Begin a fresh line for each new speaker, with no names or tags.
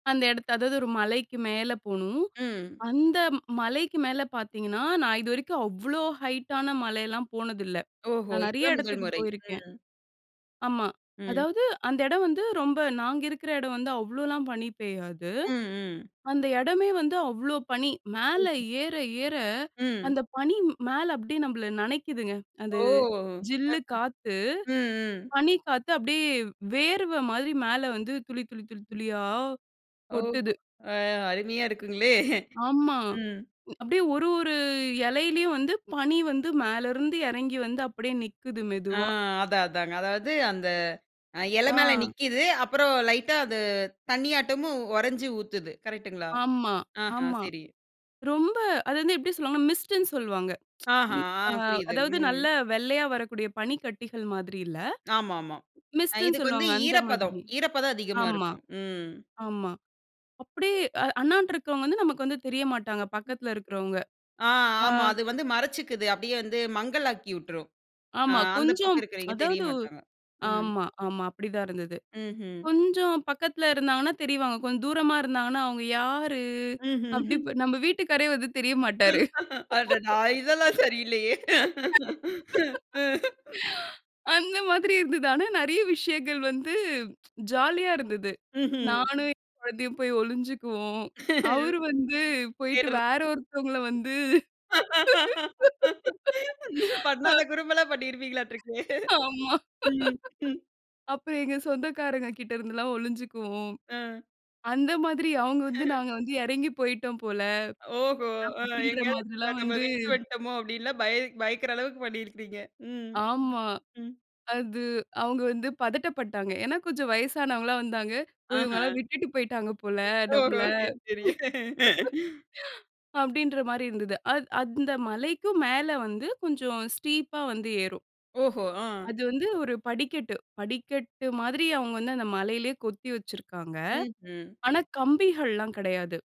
அந்த இடத்த அதாவது ஒரு மலைக்கு மேல போணும்.
ம்.
அந்த மலைக்கு மேல பார்த்தீங்கன்னா, நான் இதுவரைக்கும் அவ்ளோ ஹைட்டான மலையெல்லாம் போனதில்ல.
ஓஹோ!
நான் நெறைய
இதுதான் 1ல்
இடத்துக்கு
முறை.
போயிருக்கேன்.
ம்.
ஆமா,
ம்.
அதாவது அந்த இடம் வந்து ரொம்ப நாங்க இருக்குற இடம் வந்து அவ்ளோலாம் பனி பெய்யாது.
ம், ம்.
அந்த இடமே வந்து அவ்ளோ பனி. மேல
ஓஹோ.
ஏற, ஏற
ம்.
அந்த பனி மேல அப்டியே நம்மள நெனைக்கிதுங்க.
ஓ!
அது
அ, ஆ.
ஜில்லு காத்து,
ம், ம்.
பனி காத்து அப்டியே வேர்வ மாதிரி மேல வந்து துளி, துளி, துளி, துளியா
ஓஹோ!
கொட்டுது.
அ அருமையா இருக்குங்களே!
ஆமா.
ம்.
அப்டியே ஒரு, ஒரு இலையிலயும் வந்து பனி வந்து மேல இருந்து இறங்கி வந்து அப்டியே நிக்குது,
ஆ
மெதுவா.
அதான், அதாங்க. அதாவது அந்த அ இல மேல
ஆ.
நிக்கிது. அப்புறம் லைட்டா அது தண்ணியாட்டமும் உறஞ்சு ஊத்துது. கரெக்ட்டுங்களா?
ஆமா,
ஆஹா!
ஆமா.
சரி.
ரொம்ப அது வந்து எப்டி சொல்வாங்கனா, மிஸ்ட்ன்னு சொல்வாங்க.
ஆஹா!
ம். அ
அ புரியுது.
அதாவது
ம்.
நல்ல வெள்ளையா வரக்கூடிய பனிக்கட்டிகள் மாதிரி இல்ல.
ஆமா, ஆமா. அ
மிஸ்ட்ன்னு
இதுக்கு வந்து
சொல்வாங்க.
ஈரப்பதம்,
அந்தமாரி.
ஈரப்பதம் அதிகமா
ஆமா,
இருக்கும். ம்.
ஆமா. அப்டியே அ அண்ணான்ட்டு இருக்கிறவங்க வந்து நமக்கு வந்து தெரிய மாட்டாங்க. பக்கத்தில இருக்கறவுங்க.
ஆ,
ஆ.
ஆமா. அது வந்து மறச்சிக்குது. அப்டியே வந்து மங்கலாக்கி உட்டுரும். அ
ஆமா.
அந்த
கொஞ்சம்,
பக்கம் இருக்கிறவங்க
அதாவது
தெரியமாட்டாங்க. ம்.
ஆமா, ஆமா. அப்டி தான் இருந்தது.
ம்ஹ்ம்.
கொஞ்சம் பக்கத்தில இருந்தாங்கன்னா தெரிவாங்க. கொஞ்சம் தூரமா இருந்தாங்கன்னா, அவுங்க யாரு?
ம்ஹ்ம்.
அப்டி இப்ப நம்ம வீட்டுக்காரரே வந்து தெரிய மாட்டாரு.
அடடா! இதெல்லாம் சரியில்லயே! ம்.
அந்த மாதிரி இருந்தது. ஆனா நெறைய விஷயங்கள் வந்து ஜாலியா இருந்தது.
ம்ஹ்ம்.
நானும் என் குழந்தையும் போய் ஒளிஞ்சுக்குவோம் அவரு வந்து போயிட்டு வேற ஒருத்தவுங்கள வந்து
[unintelligible]
அ.
பண்ணாத குறும்பெல்லாம் பண்ணிருப்பீங்களாட்ருக்கே!
ஆமா.
ம், ம்.
அப்புறம் எங்க சொந்தகாரங்ககிட்ட இருந்துலாம் ஒளிஞ்சிக்குவோம்.
அ.
அந்த மாதிரி அவுங்க வந்து நாங்க வந்து இறங்கி போயிட்டோம் போல,
ஓஹோ! அ
அப்பிடின்ற
எங்கேயாவது
மாதிரிலாம்
நம்ம
வந்து
விட்டுட்டு வந்துட்டோமோ! அப்டில்லாம் பய பயக்குற அளவுக்கு பண்ணியிருப்பீங்க. ம்,
ஆமா.
ம்.
அது அவுங்க வந்து பதட்டப்பட்டாங்க. ஏன்னா கொஞ்சம் வயசானவங்கள்லாம் வந்தாங்க. போய்
ஆஹ.
இவுங்கல்லாம் விட்டுட்டு போயிட்டாங்க போல நம்மள,
ஓஹோ! சரி, சரிங்க.
அப்டின்றமாரி இருந்தது. அத் அந்த மலைக்கும் மேல வந்து கொஞ்சம் ஸ்டீப்பா வந்து ஏறும்
ஓஹோ, ஆ.
அது வந்து ஒரு படிக்கட்டு. படிக்கட்டு மாதிரி அவுங்க வந்து அந்த மலையிலேயே கொத்தி வச்சிருக்காங்க.
ம்ஹ்ம்.
ஆனா கம்பிகள்லாம் கிடையாது.